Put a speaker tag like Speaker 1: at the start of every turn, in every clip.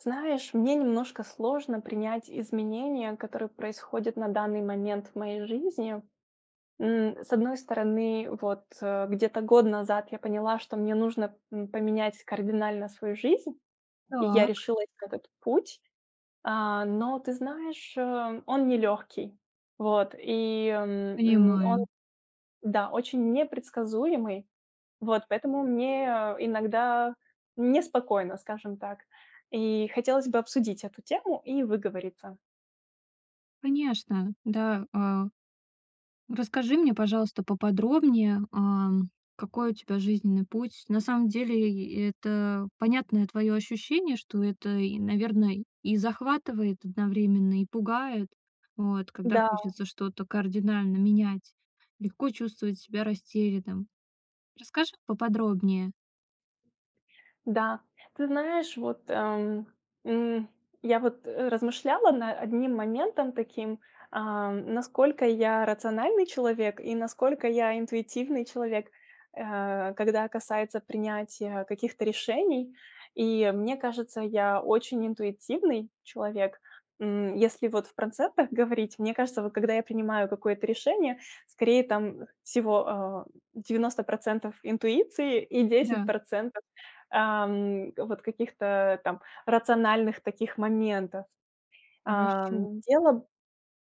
Speaker 1: Знаешь, мне немножко сложно принять изменения, которые происходят на данный момент в моей жизни. М, с одной стороны, вот где-то год назад я поняла, что мне нужно, м, поменять кардинально свою жизнь, и я
Speaker 2: Так.
Speaker 1: решилась на этот путь. А, но ты знаешь, а, он нелегкий, вот, и он,
Speaker 2: Понимаю.
Speaker 1: да, очень непредсказуемый, вот поэтому мне иногда неспокойно, скажем так. И хотелось бы обсудить эту тему и выговориться.
Speaker 2: Конечно, да, а, расскажи мне, пожалуйста, поподробнее, а, какой у тебя жизненный путь. На самом деле и это понятное твоё ощущение, что это и, наверное, и захватывает одновременно, и пугает, вот. Когда
Speaker 1: Да.
Speaker 2: хочется что-то кардинально менять, легко чувствовать себя растерянным. Расскажи поподробнее?
Speaker 1: Да, ты знаешь, вот, ам, м, я вот размышляла над одним моментом таким: а, насколько я рациональный человек и насколько я интуитивный человек, а, когда касается принятия каких-то решений. И мне кажется, я очень интуитивный человек. М, если вот в процентах говорить, мне кажется, вот когда я принимаю какое-то решение, скорее там всего, а, 90 % интуиции и десять
Speaker 2: Да.
Speaker 1: процентов, ам, вот каких-то там рациональных таких моментов.
Speaker 2: Хорошо.
Speaker 1: Ам, дело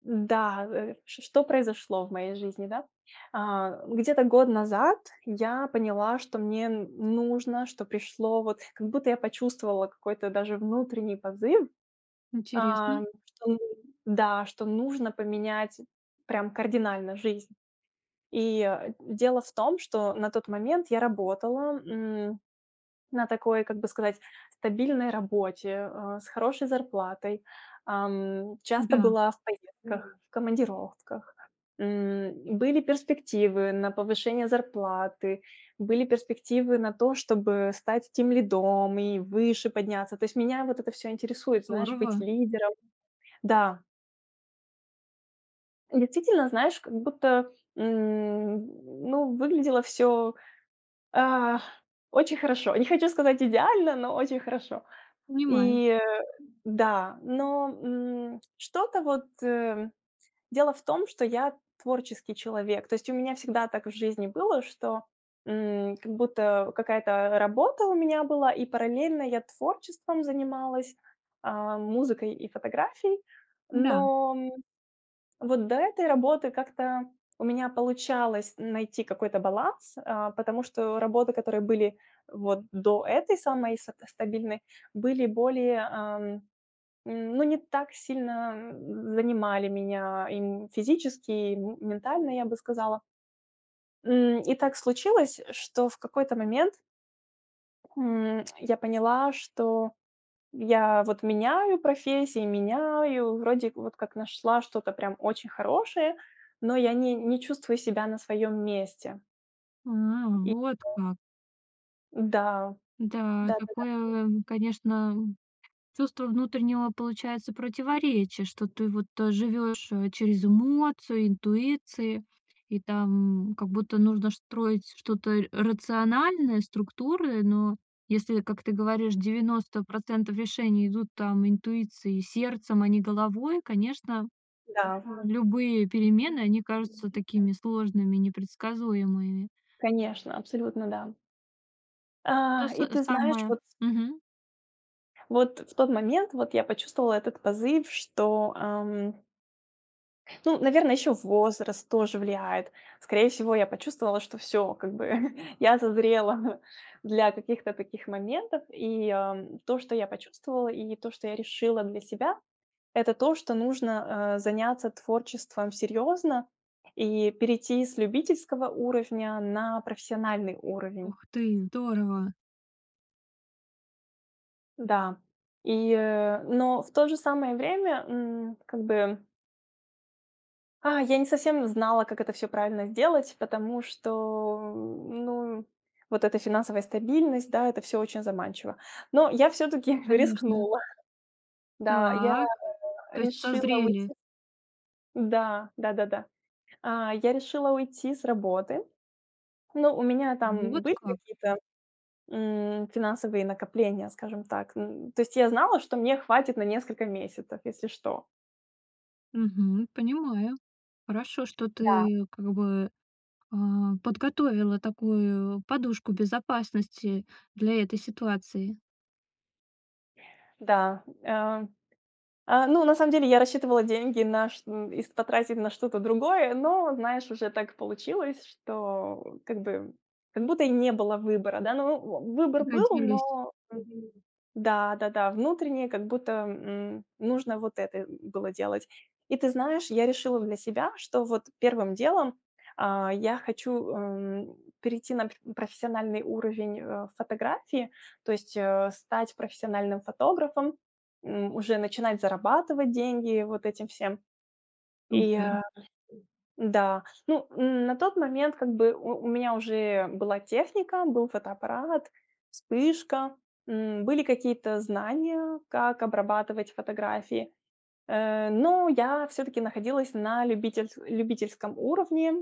Speaker 1: да, э, что произошло в моей жизни, да. А где-то год назад я поняла, что мне нужно, что пришло вот как будто я почувствовала какой-то даже внутренний позыв.
Speaker 2: Интересно.
Speaker 1: Ам, что нужно, да, что нужно поменять прям кардинально жизнь. И дело в том, что на тот момент я работала, м, на такой, как бы сказать, стабильной работе, а, с хорошей зарплатой. Ам, часто
Speaker 2: Да.
Speaker 1: была в поездках, командировках. М, были перспективы на повышение зарплаты, были перспективы на то, чтобы стать тимлидом и выше подняться. То есть меня вот это всё интересует, знаешь, быть
Speaker 2: Здорово.
Speaker 1: лидером. Да. Действительно, знаешь, как будто, м, ну, выглядело всё, а, очень хорошо. Не хочу сказать идеально, но очень хорошо.
Speaker 2: Понимаю.
Speaker 1: И да, но, м, что-то вот дело в том, что я творческий человек. То есть у меня всегда так в жизни было, что, м, как будто какая-то работа у меня была и параллельно я творчеством занималась, а, музыкой и фотографией.
Speaker 2: М-да.
Speaker 1: Но, м, вот до этой работы как-то у меня получалось найти какой-то баланс, а, потому что работы, которые были вот до этой самой са стабильной, были более, ам, ну, не так сильно занимали меня и физически, и ментально, я бы сказала. М, и так случилось, что в какой-то момент М, я поняла, что я вот меняю профессии, меняю, вроде вот как нашла что-то прям очень хорошее, но я не не чувствую себя на своем месте.
Speaker 2: А,
Speaker 1: И.
Speaker 2: вот
Speaker 1: [unintelligible]
Speaker 2: как.
Speaker 1: Да.
Speaker 2: Да,
Speaker 1: Да-да-да.
Speaker 2: такое, а, конечно, чувство внутреннего, получается, противоречия, что ты вот то живешь, э, через эмоцию, интуиции, и там как будто нужно строить что-то рациональное, структуры. Но если, как ты говоришь, 90 % решений идут там интуиции сердцем, а не головой, конечно,
Speaker 1: Да.
Speaker 2: любые перемены, они кажутся
Speaker 1: [unintelligible]
Speaker 2: такими сложными, непредсказуемыми.
Speaker 1: Конечно, абсолютно да.
Speaker 2: То
Speaker 1: А,
Speaker 2: с
Speaker 1: и ты знаешь,
Speaker 2: самое.
Speaker 1: вот
Speaker 2: Мгм.
Speaker 1: Вот, в тот момент, вот, я почувствовала этот позыв, что, ам Ну, наверное, еще возраст тоже влияет. Скорее всего, я почувствовала, что всё, как бы я созрела для каких-то таких моментов. И то, что я почувствовала, и то, что я решила для себя- это то, что нужно, а, заняться творчеством серьезно и перейти с любительского уровня на профессиональный уровень.
Speaker 2: Ух ты, здорово.
Speaker 1: Да и но в то же самое время, м, как бы. А, я не совсем знала, как это всё правильно сделать, потому что, ну, вот эта финансовая стабильность, да, это всё очень заманчиво. Но я всё-таки
Speaker 2: Конечно.
Speaker 1: рискнула. Да, я
Speaker 2: Так. То есть
Speaker 1: решила
Speaker 2: созрели?
Speaker 1: уйти. Да, да-да-да. А, я решила уйти с работы. Но у меня там
Speaker 2: Вот
Speaker 1: были
Speaker 2: как?
Speaker 1: какие-то, м, финансовые накопления, скажем так. Н то есть, я знала, что мне хватит на несколько месяцев, если что.
Speaker 2: Мгм. Понимаю, хорошо, что
Speaker 1: Да.
Speaker 2: ты как бы, а, подготовила такую подушку безопасности для этой ситуации.
Speaker 1: Да, э э, ну, на самом деле я рассчитывала деньги на ш их потратить на что-то другое, но, знаешь, уже так получилось, что как бы как будто и не было выбора, да. Ну, в оу, выбор был,
Speaker 2: Пригодились.
Speaker 1: но мгм, да-да-да. Внутреннее как будто, м, нужно вот это было делать. И ты знаешь, я решила для себя, что вот первым делом, а, я хочу, эм, перейти на пр профессиональный уровень, э, фотографии, то есть, э, стать профессиональным фотографом, м, уже начинать зарабатывать деньги вот этим всем. И
Speaker 2: Супер!
Speaker 1: да, ну, на тот момент как бы у у меня уже была техника, был фотоаппарат, вспышка, м, были какие-то знания как обрабатывать фотографии. Э, но я всё-таки находилась на любительс любительском уровне.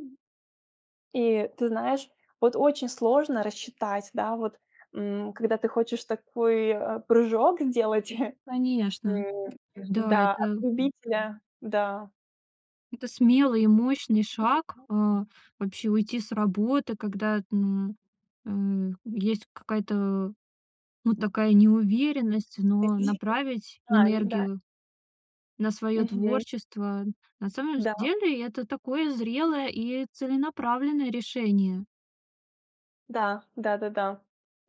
Speaker 1: И ты знаешь, вот очень сложно рассчитать, да, вот, м, когда ты хочешь такой, э, прыжок сделать,
Speaker 2: Конечно, да,
Speaker 1: да, от
Speaker 2: это
Speaker 1: любителя, да.
Speaker 2: Это смелый и мощный шаг, а,
Speaker 1: [unintelligible]
Speaker 2: вообще, уйти с работы, когда, м, э, есть какая-то вот такая неуверенность, но
Speaker 1: Какие-то
Speaker 2: направить
Speaker 1: знаний, да.
Speaker 2: энергию на своё
Speaker 1: Мгм.
Speaker 2: творчество- на самом
Speaker 1: Да.
Speaker 2: деле это такое зрелое и целенаправленное решение.
Speaker 1: Да, да-да-да.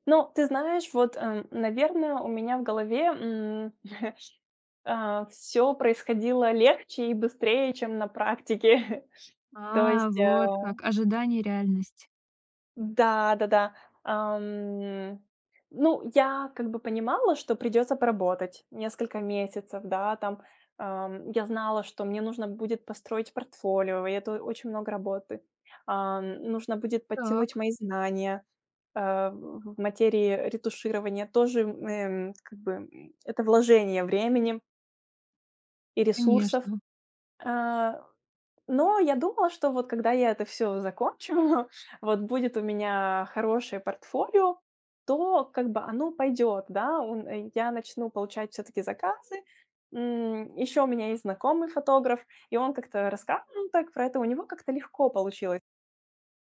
Speaker 1: Ну, ты знаешь, вот, э, наверное, у меня в голове, м, а, всё происходило легче и быстрее, чем на практике, то
Speaker 2: А,
Speaker 1: есть,
Speaker 2: вот
Speaker 1: э
Speaker 2: так. Ожидание, реальность.
Speaker 1: Да, да-да. Ам, ну, я как бы понимала, что придется поработать несколько месяцев, да, там. Ам, я знала, что мне нужно будет построить портфолио, и это очень много работы. Ам, нужно будет подтянуть
Speaker 2: Так.
Speaker 1: мои знания а, в в материи ретуширования. Тоже, эм, как бы, м, это вложение времени и ресурсов.
Speaker 2: Конечно.
Speaker 1: Э, но я думала, что вот когда я это всё закончу, вот будет у меня хорошее портфолио, то как бы оно пойдет. Да, он, э, я начну получать всё-таки заказы. М, ещё у меня есть знакомый фотограф, и он как-то рассказывал так про это, у него как-то легко получилось.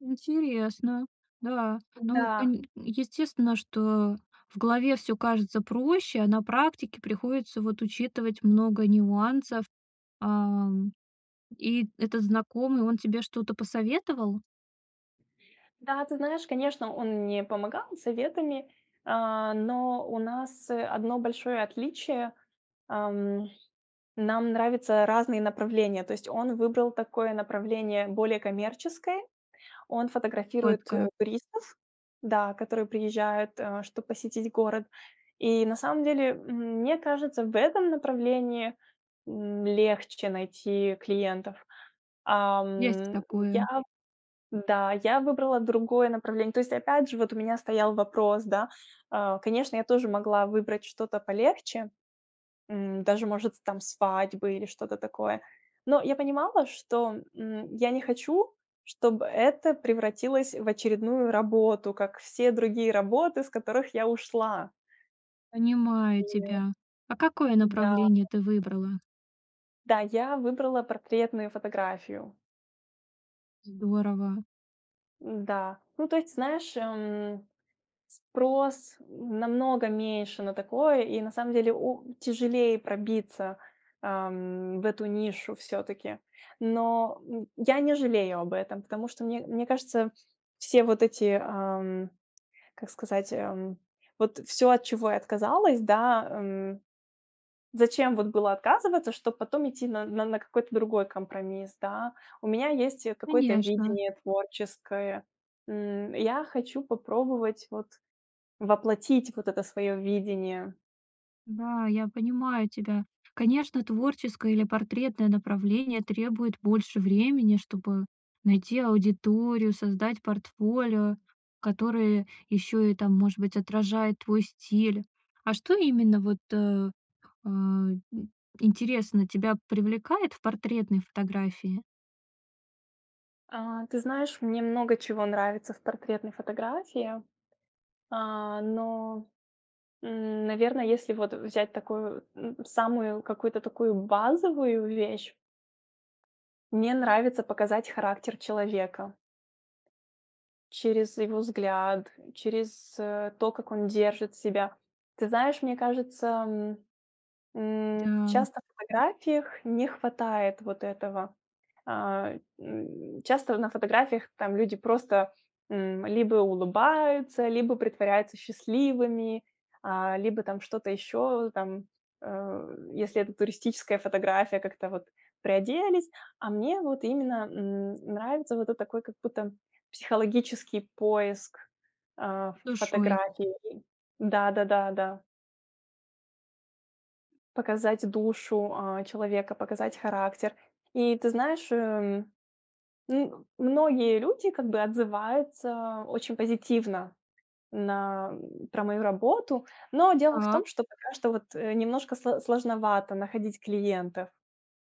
Speaker 2: Интересно, да. Ну,
Speaker 1: Да.
Speaker 2: кань естественно, что в голове всё кажется проще, а на практике приходится вот учитывать много нюансов. А, и этот знакомый, он тебе что-то посоветовал?
Speaker 1: Да, ты знаешь, конечно, он мне помогал советами, а, но у нас одно большое отличие, ам, нам нравятся разные направления. То есть он выбрал такое направление более коммерческое. Он
Speaker 2: Вот
Speaker 1: фотографирует, э,
Speaker 2: как.
Speaker 1: туристов, да, которые приезжают, э, чтобы посетить город. И на самом деле, м, мне кажется, в этом направлении, м, легче найти клиентов.
Speaker 2: Есть
Speaker 1: Ам, я,
Speaker 2: такое.
Speaker 1: да, я выбрала другое направление. То есть опять же вот у меня стоял вопрос, да. Э, конечно, я тоже могла выбрать что-то полегче, м, даже может там свадьбы или что-то такое. Но я понимала, что, м, я не хочу, чтобы это превратилось в очередную работу, как все другие работы, с которых я ушла.
Speaker 2: Понимаю
Speaker 1: И
Speaker 2: тебя. А какое
Speaker 1: да.
Speaker 2: направление ты выбрала?
Speaker 1: Да, я выбрала портретную фотографию.
Speaker 2: Здорово.
Speaker 1: М-да. Ну, то есть, ты знаешь, эм, спрос намного меньше на такое, и на самом деле о тяжелее пробиться, ам, в эту нишу всё-таки. Но, м, я не жалею об этом, потому что мне мне кажется все вот эти, ам, как сказать, ам, вот всё, от чего я отказалась, да, м, зачем вот было отказываться, чтобы потом идти на на какой-то другой компромисс, да. У меня есть, э, какое-то
Speaker 2: Конечно.
Speaker 1: видение творческое. М, я хочу попробовать вот воплотить вот это свое видение.
Speaker 2: Да, я понимаю тебя. Конечно, творческое или портретное направление требует больше времени, чтобы найти аудиторию, создать портфолио, которое ещё и там, может быть, отражает твой стиль. А что именно вот, э, а, и интересно, тебя привлекает в портретной фотографии?
Speaker 1: А, ты знаешь, мне много чего нравится в портретной фотографии. А, но, м, наверное, если вот взять такую, м, самую какую-то такую базовую вещь мне нравится показать характер человека через его взгляд, через, э, то, как он держит себя. Ты знаешь, мне кажется, м м,
Speaker 2: Да.
Speaker 1: часто на фотографиях не хватает вот этого. А, м, часто на фотографиях там люди просто, м, либо улыбаются, либо притворяются счастливыми, а, либо там что-то еще, там, э, если это туристическая фотография, как-то вот приоделись. А мне вот именно, м, нравится вот эт такой как будто психологический поиск, а, в
Speaker 2: Душой.
Speaker 1: фотографии. Да да да да. Показать душу, а, человека, показать характер. И ты знаешь, эм, ну, многие люди как бы отзываются очень позитивно на про мою работу. Но дело в
Speaker 2: Так.
Speaker 1: том, что пока что, вот, немножко сло сложновато находить клиентов.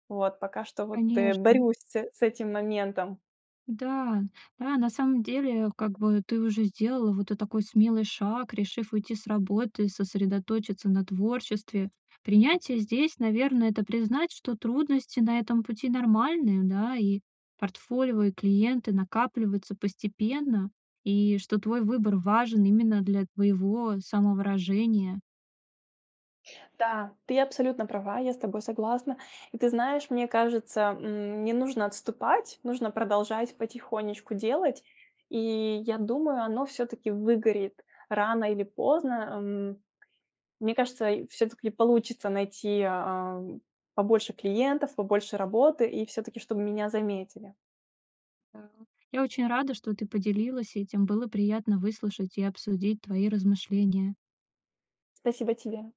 Speaker 1: Вот, пока что, вот, э,
Speaker 2: Конечно.
Speaker 1: борюсь с с этим моментом.
Speaker 2: Да да, на самом деле, как бы ты уже сделала вот этот такой смелый шаг, решив уйти с работы, сосредоточиться на творчестве. Принятие здесь, наверное, это признать, что трудности на этом пути нормальные, да, и портфолио, и клиенты накапливаются постепенно, и что твой выбор важен именно для твоего самовыражения.
Speaker 1: Да, ты абсолютно права, я с тобой согласна. И ты знаешь, мне кажется, м, не нужно отступать, нужно продолжать потихонечку делать. И я думаю, оно всё-таки выгорит рано или поздно. Эм, мне кажется, всё-таки получится найти, а, побольше клиентов, побольше работы и всё-таки, чтобы меня заметили.
Speaker 2: Да. Я очень рада, что ты поделилась этим. Было приятно выслушать и обсудить твои размышления.
Speaker 1: Спасибо и тебе.